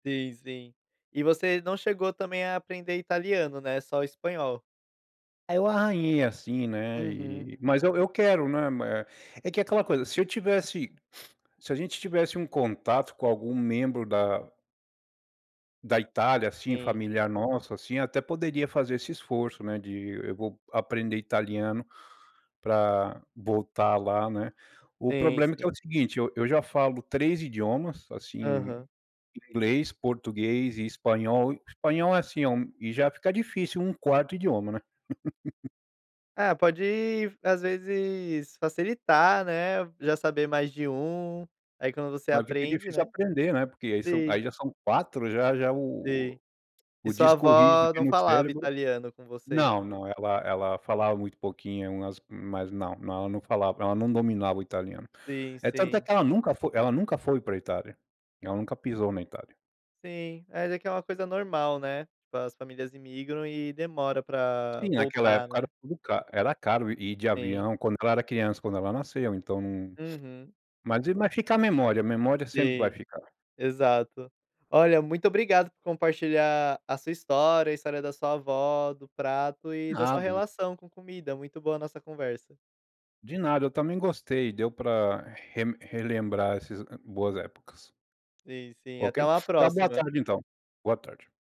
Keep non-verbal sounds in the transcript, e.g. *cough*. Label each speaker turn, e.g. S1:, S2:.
S1: Sim, sim. E você não chegou também a aprender italiano, né, só o espanhol?
S2: Eu arranhei, assim, né,
S1: Uhum.
S2: e mas eu eu quero, né, ma é que é aquela coisa, se eu tivesse *sniffs* se a gente tivesse um contato com algum membro da da Itália, assim,
S1: Sim.
S2: familiar nossa, assim, até poderia fazer esse esforço, né, de go vou aprender italiano pra voltar lá, né. O
S1: Sim,
S2: problema é que é o
S1: sim.
S2: seguinte, eu eu já falo 3 idiomas, assim,
S1: Aham.
S2: inglês, português e espanhol. O espanhol é assim, é um e já fica difícil um 4º idioma, né. *laughs*
S1: É, pode às vezes facilitar, né, já saber mais de um, aí quando você
S2: Mas fica
S1: aprende,
S2: difícil
S1: né.
S2: aprender, né, porque aí são
S1: Sim.
S2: aí já são 4 já já o
S1: Sim. E
S2: o
S1: sua
S2: disco rígido
S1: avó
S2: aqui
S1: não
S2: no
S1: falava
S2: cérebro
S1: italiano com você?
S2: não, não, ela ela falava muito pouquinho, umas mas não, não, ela não falava ela não dominava o italiano.
S1: Sim,
S2: É tanto é
S1: sim.
S2: que ela nunca foi ela nunca foi pra Itália, ela nunca pisou na Itália.
S1: Sim. É, até que é uma coisa normal, né, tipo, as famílias imigram e demora pra
S2: Sim, naquela
S1: voltar,
S2: época era
S1: né.
S2: tudo ca era caro ir de
S1: Sim.
S2: avião quando ela era criança, quando ela nasceu então.
S1: Uhum.
S2: Mas i mas fica a memória, a memória sempre vai
S1: Sim,
S2: ficar.
S1: exato. Olha, muito obrigado por compartilhar a sua história, a história da sua avó, do prato e da
S2: Ah,
S1: sua
S2: bom.
S1: relação com comida. Muito boa a nossa conversa.
S2: De nada, eu também gostei, deu pra reme relembrar esses boas épocas.
S1: Sim, sim.
S2: Ok?
S1: Até uma
S2: Tenha uma boa
S1: próxima.
S2: tarde, então. Boa tarde.